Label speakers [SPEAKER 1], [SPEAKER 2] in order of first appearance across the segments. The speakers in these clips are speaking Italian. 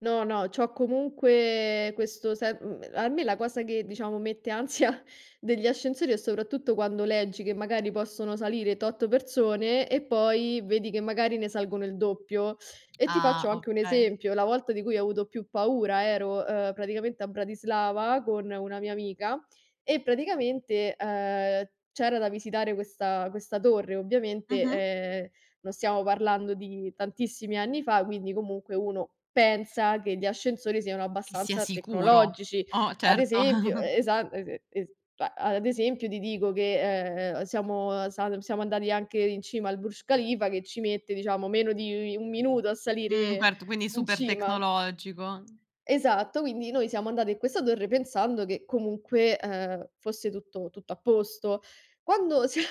[SPEAKER 1] No, no, c'ho ecomunque questo se uhm, a me la cosa che, diciamo, mette ansia degli ascensori è soprattutto quando leggi che magari possono salire tot persone e poi vedi che magari ne salgono il doppio. E ti
[SPEAKER 2] Ah!
[SPEAKER 1] faccio anche un
[SPEAKER 2] Okay.
[SPEAKER 1] esempio, la volta di cui ho avuto più paura ero, ehm, praticamente a Bratislava con una mia amica e praticamente, ehm, c'era da visitare questa questa torre. Ovviamente,
[SPEAKER 2] Mh-mh.
[SPEAKER 1] ehm, non stiamo parlando di tantissimi anni fa, quindi comunque uno pensa che gli ascensori siano
[SPEAKER 2] Che sia
[SPEAKER 1] abbastanza
[SPEAKER 2] sicuro.
[SPEAKER 1] tecnologici.
[SPEAKER 2] Oh,
[SPEAKER 1] Ad
[SPEAKER 2] certo.
[SPEAKER 1] esempio, e esa ese es cioè, a ad esempio, ti dico che, ehm, siamo salum siamo andati anche in cima al Burj Khalifa che ci mette diciamo meno di 1 minuto a
[SPEAKER 2] Mh,
[SPEAKER 1] salire
[SPEAKER 2] certo, quindi
[SPEAKER 1] in cima.
[SPEAKER 2] super-tecnologico.
[SPEAKER 1] Esatto, quindi noi siamo andato in questa torre pensando che comunque, ehm, fosse tutto tutto a posto. Quando sia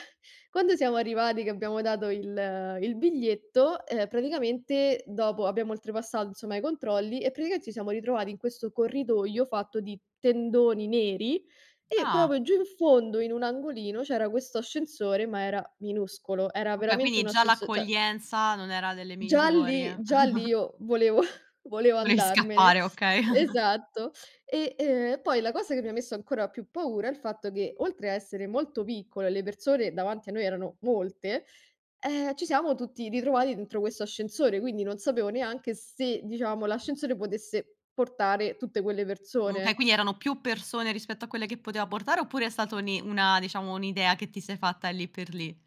[SPEAKER 1] quando siamo arrivati che abbiamo dato il il biglietto, ehm, praticamente dopo abbiamo oltrepassato insomma i controlli e praticamente ci siamo ritrovati in questo corridoio fatto di tendoni neri. E,
[SPEAKER 2] Ah!
[SPEAKER 1] proprio giù in fondo, in un angolino, c'era questo ascensore, ma era minuscolo, era
[SPEAKER 2] Okay,
[SPEAKER 1] veramente
[SPEAKER 2] quindi
[SPEAKER 1] un
[SPEAKER 2] già
[SPEAKER 1] ascenso cioè.
[SPEAKER 2] l'accoglienza non era delle
[SPEAKER 1] Già
[SPEAKER 2] migliori.
[SPEAKER 1] lì già lì io volevo volevo
[SPEAKER 2] Volevi
[SPEAKER 1] andarmene.
[SPEAKER 2] scappare, okay.
[SPEAKER 1] Esatto. E, ehm, e poi la cosa che mi ha messo ancora più paura è il fatto che, oltre a essere molto piccolo e le persone davanti a noi erano molte, ehm, ci siamo tutti ritrovati dentro questo ascensore, quindi non sapevo neanche se, diciamo, l'ascensore potesse portare tutte quelle
[SPEAKER 2] Mhmm, okay
[SPEAKER 1] persone.
[SPEAKER 2] quindi erano più persone rispetto a quelle che poteva portare, oppure è stata uni una diciamo un'idea che ti sei fatta lì per lì?